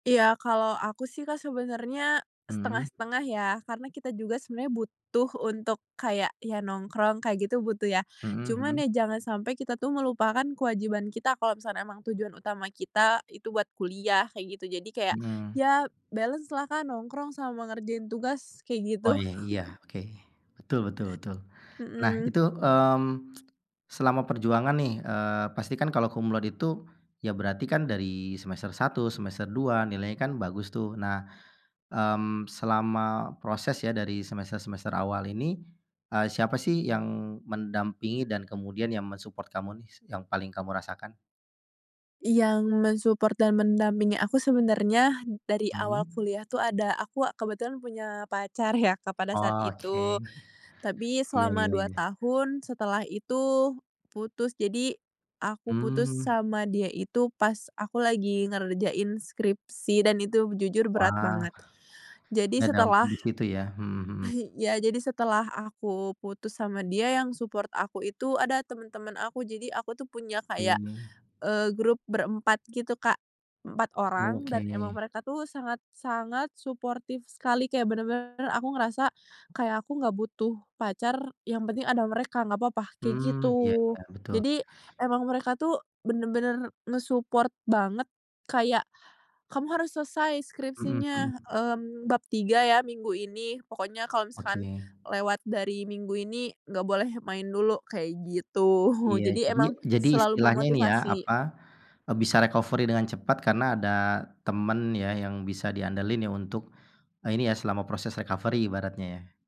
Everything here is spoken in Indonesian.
Iya, kalo aku sih Kak sebenernya Mhm. setengah-setengah ya karena kita juga sebenernya butuh untuk kayak ya nongkrong kayak gitu butuh ya. Mhm mhm. Cuman ya jangan sampe kita tuh melupakan kewajiban kita kalo misalkan emang tujuan utama kita itu buat kuliah kayak gitu jadi kayak Mhm. ya balance-lah Kak nongkrong sama ngerjain tugas kayak gitu. Oh, iya, oke, betul betul betul. Nah Mhm. itu, mmm, selama perjuangan nih, eee, pasti kan kalau cum laude itu, ya berarti kan dari semester 1 semester 2 nilainya kan bagus tuh. Nah, mmm, selama proses ya dari semester-semester awal ini, eee, siapa sih yang mendampingi dan kemudian yang men-support kamu nih yang paling kamu rasakan? Yang men-support dan mendampingi aku sebenernya dari awal Mhm? kuliah tuh ada aku kebetulan punya pacar ya Kak pada saat Oh, oke, itu. Tapi iya selama iya 2 iya. tahun setelah itu, putus jadi, aku putus Mmm. sama dia itu pas aku lagi ngerjain skripsi dan itu jujur berat Wah, banget. Jadi ngedampak setelah di situ ya? Mhm mhm. ya, jadi setelah aku putus sama dia yang support aku itu ada temen-temen aku. Jadi aku tuh punya kayak, Mmm. eee, grup berempat gitu Kak, 4 orang Oke. dan emang mereka tuh sangat-sangat suportif sekali kayak bener-bener aku ngerasa, kayak aku gak butuh pacar yang penting ada mereka nggak papa kayak Mmm, ya gitu. ya, betul. Jadi emang mereka tuh bener-bener nge-support banget kayak, kamu harus selesai Mhm skripsinya, mhm. mmm, bab 3 ya minggu ini pokoknya kalau misalkan, Oke. lewat dari minggu ini gak boleh main dulu kayak gitu. Iya, Jadi, jadi emang jadi selalu istilahnya ini ya apa, memotivasi. eee, bisa recovery dengan cepat karena ada temen ya yang bisa diandelin ya untuk, ini ya selama proses recovery ibaratnya ya?